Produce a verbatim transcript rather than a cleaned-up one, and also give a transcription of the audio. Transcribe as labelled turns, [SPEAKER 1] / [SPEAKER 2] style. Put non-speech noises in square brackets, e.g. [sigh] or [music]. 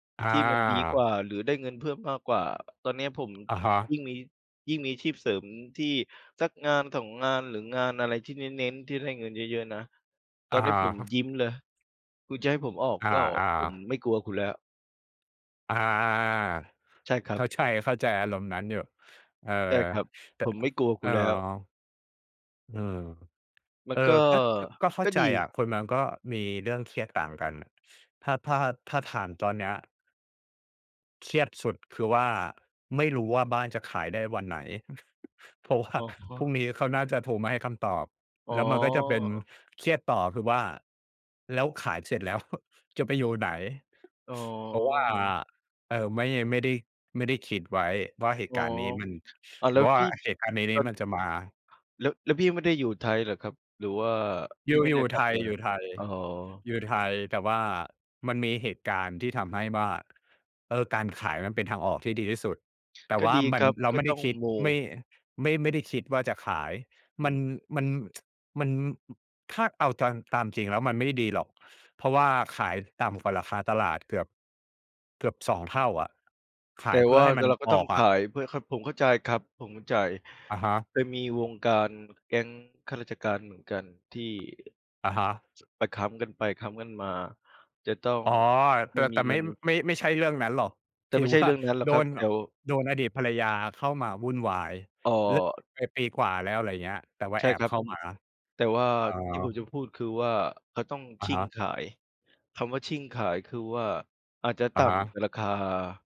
[SPEAKER 1] ที่มันดีกว
[SPEAKER 2] อา
[SPEAKER 1] ่าหรือได้เงินเพิ่มมากกว่า ตอนเนี้ยผม
[SPEAKER 2] อะฮะ
[SPEAKER 1] ยิ่งมี ยิ่งมีอาชีพเสริมที่สัก งานสอง งาน หรืองานอะไรที่เน้น ๆ ที่ได้เงินเยอะ ๆ นะ ตอ
[SPEAKER 2] อ
[SPEAKER 1] นนี้ผม
[SPEAKER 2] า
[SPEAKER 1] ยิ้มเลย คุณจะให้ผมออก
[SPEAKER 2] อ
[SPEAKER 1] ก็ออก
[SPEAKER 2] า
[SPEAKER 1] ผม
[SPEAKER 2] ๆ
[SPEAKER 1] ไม่กลัวคุณแล้ว
[SPEAKER 2] อา ๆ ๆ
[SPEAKER 1] ใช่คร
[SPEAKER 2] ๆ
[SPEAKER 1] ั
[SPEAKER 2] เข
[SPEAKER 1] บ
[SPEAKER 2] ้าใจ เข้าใจอารมณ์นั้นอยู่ เออ
[SPEAKER 1] ใช่ครับ
[SPEAKER 2] แต่
[SPEAKER 1] ผมไม่กลัว
[SPEAKER 2] เ
[SPEAKER 1] ค
[SPEAKER 2] อ
[SPEAKER 1] ุ
[SPEAKER 2] อ
[SPEAKER 1] ณแล้ว
[SPEAKER 2] อืม
[SPEAKER 1] มั
[SPEAKER 2] เอ
[SPEAKER 1] น
[SPEAKER 2] อ
[SPEAKER 1] ก็
[SPEAKER 2] ก็ ก ก็เข้
[SPEAKER 1] ก
[SPEAKER 2] า
[SPEAKER 1] ็
[SPEAKER 2] ใจ
[SPEAKER 1] ดี
[SPEAKER 2] อะ คนมันก็มีเรื่องเครียดต่างกันน่ะ ถ้า ถ้า ถ้าถามตอนเนี้ย เครียดสุดคือว่า ไม่รู้ว่าบ้านจะขายได้วันไหน [chuckles] เพราะว่
[SPEAKER 1] อ
[SPEAKER 2] า
[SPEAKER 1] ะฮ
[SPEAKER 2] พรุ่ง
[SPEAKER 1] ะ
[SPEAKER 2] นี้เขาน่าจะโทรมาให้คำตอบ
[SPEAKER 1] อ๋
[SPEAKER 2] แ
[SPEAKER 1] อ
[SPEAKER 2] ล้วมันก็จะเป็น เครียดต่อคือว่า แล้วขายเสร็จแล้ว [chuckles] จะไปอยู่ไหน?
[SPEAKER 1] อ๋
[SPEAKER 2] เพราะว่า
[SPEAKER 1] อ
[SPEAKER 2] เออ ไม่ ไม่ได้ ไม่ได้คิดไว้ว่าเหต
[SPEAKER 1] อ
[SPEAKER 2] ุ
[SPEAKER 1] ๋อ
[SPEAKER 2] การณ์นี้มัน
[SPEAKER 1] อ้าว แล้ว
[SPEAKER 2] ว่า
[SPEAKER 1] พี่
[SPEAKER 2] เหตุการณ์ในน
[SPEAKER 1] เอ
[SPEAKER 2] ี้
[SPEAKER 1] ่อ
[SPEAKER 2] มันจะมา
[SPEAKER 1] แล้ว แล้วพี่ไม่ได้อยู่ไทยเหรอครับ? หรือว่า
[SPEAKER 2] อย
[SPEAKER 1] พี
[SPEAKER 2] ู
[SPEAKER 1] ่
[SPEAKER 2] ่
[SPEAKER 1] ไม่
[SPEAKER 2] อย
[SPEAKER 1] ได
[SPEAKER 2] ู
[SPEAKER 1] ้
[SPEAKER 2] ่
[SPEAKER 1] กล
[SPEAKER 2] ไ
[SPEAKER 1] ั
[SPEAKER 2] ท
[SPEAKER 1] บไ
[SPEAKER 2] ย
[SPEAKER 1] ท
[SPEAKER 2] ๆ อ
[SPEAKER 1] ย?
[SPEAKER 2] ยู่ไท
[SPEAKER 1] อ๋อ
[SPEAKER 2] ย แต่ว่ามันมีเหตุการณ์ที่ทำให้ว่า เออ การขายมันเป็นทางออกที่ดีที่สุด แต่
[SPEAKER 1] ก็
[SPEAKER 2] ว่า
[SPEAKER 1] ดี
[SPEAKER 2] มั
[SPEAKER 1] ค
[SPEAKER 2] น
[SPEAKER 1] รับ
[SPEAKER 2] เรา
[SPEAKER 1] ก็
[SPEAKER 2] ไม่ไ
[SPEAKER 1] ต
[SPEAKER 2] ด
[SPEAKER 1] ้
[SPEAKER 2] ้
[SPEAKER 1] อง
[SPEAKER 2] คิด
[SPEAKER 1] โม
[SPEAKER 2] ไม่ ไม่ ไม่ได้คิดว่าจะขาย
[SPEAKER 1] อื
[SPEAKER 2] มัน
[SPEAKER 1] ม
[SPEAKER 2] มัน [tsk] มัน อ ถ้าเอาตาม ตามจริงแล้วมันไม่ได้ดีหรอก เพราะว่าขายต่ำกว่าราคาตลาดเกือบ เกือบ สอง เท่าอะ ข
[SPEAKER 1] แ
[SPEAKER 2] า
[SPEAKER 1] ต
[SPEAKER 2] ย
[SPEAKER 1] ่
[SPEAKER 2] เพื
[SPEAKER 1] ว
[SPEAKER 2] ่อ
[SPEAKER 1] ่า
[SPEAKER 2] ให้ม
[SPEAKER 1] ต
[SPEAKER 2] ัน
[SPEAKER 1] เราก็
[SPEAKER 2] อ
[SPEAKER 1] ต้อ
[SPEAKER 2] อ
[SPEAKER 1] ง
[SPEAKER 2] ก
[SPEAKER 1] ข
[SPEAKER 2] อะ
[SPEAKER 1] าย เพื่อเข้า ผมเข้าใจครับ ผมเข้าใจ
[SPEAKER 2] อะฮะ
[SPEAKER 1] จะมีวงการแก๊งข้าราชการเหมือนกันที่
[SPEAKER 2] อะฮะ
[SPEAKER 1] ช ไปค้ำกันไปค้ำกันมา จะต้อง
[SPEAKER 2] อ๋อ แ
[SPEAKER 1] ไม
[SPEAKER 2] ต
[SPEAKER 1] ่
[SPEAKER 2] ่
[SPEAKER 1] ม
[SPEAKER 2] แ
[SPEAKER 1] ี
[SPEAKER 2] ต่
[SPEAKER 1] เง
[SPEAKER 2] ไม
[SPEAKER 1] ิ
[SPEAKER 2] ่
[SPEAKER 1] น
[SPEAKER 2] ไม่ ไม่ใช่เรื่องนั้นหรอก
[SPEAKER 1] แต
[SPEAKER 2] ถ
[SPEAKER 1] ่
[SPEAKER 2] ื
[SPEAKER 1] ไม
[SPEAKER 2] อ
[SPEAKER 1] ่ใช
[SPEAKER 2] ว
[SPEAKER 1] ่
[SPEAKER 2] ่
[SPEAKER 1] เ
[SPEAKER 2] า
[SPEAKER 1] รื่องนั้นหรอ
[SPEAKER 2] โ
[SPEAKER 1] ก
[SPEAKER 2] ด
[SPEAKER 1] ครับ
[SPEAKER 2] น
[SPEAKER 1] เดี
[SPEAKER 2] อ
[SPEAKER 1] ๋ยว
[SPEAKER 2] โดนอดีตภรรยาเข้ามาวุ่นวาย
[SPEAKER 1] อ๋อ
[SPEAKER 2] เลิกไป ไปปีกว่าแล้ว อะไรอย่างเงี้ย แต่ว่า
[SPEAKER 1] ใช
[SPEAKER 2] แ
[SPEAKER 1] ่
[SPEAKER 2] อ
[SPEAKER 1] ค
[SPEAKER 2] บ
[SPEAKER 1] รั
[SPEAKER 2] เ
[SPEAKER 1] บ
[SPEAKER 2] ข้ามา
[SPEAKER 1] แต่ว่า
[SPEAKER 2] อ
[SPEAKER 1] ที่ผม
[SPEAKER 2] า
[SPEAKER 1] จะพูดคือว่าเขาต้อง
[SPEAKER 2] อ
[SPEAKER 1] ช
[SPEAKER 2] ะ
[SPEAKER 1] ิ่
[SPEAKER 2] ฮ
[SPEAKER 1] ง
[SPEAKER 2] ะ
[SPEAKER 1] ขาย คำว่าชิ่งขายคือว่าอาจจะต
[SPEAKER 2] อะ
[SPEAKER 1] ่
[SPEAKER 2] ฮ
[SPEAKER 1] ำ แ
[SPEAKER 2] ะ
[SPEAKER 1] ต่ราคา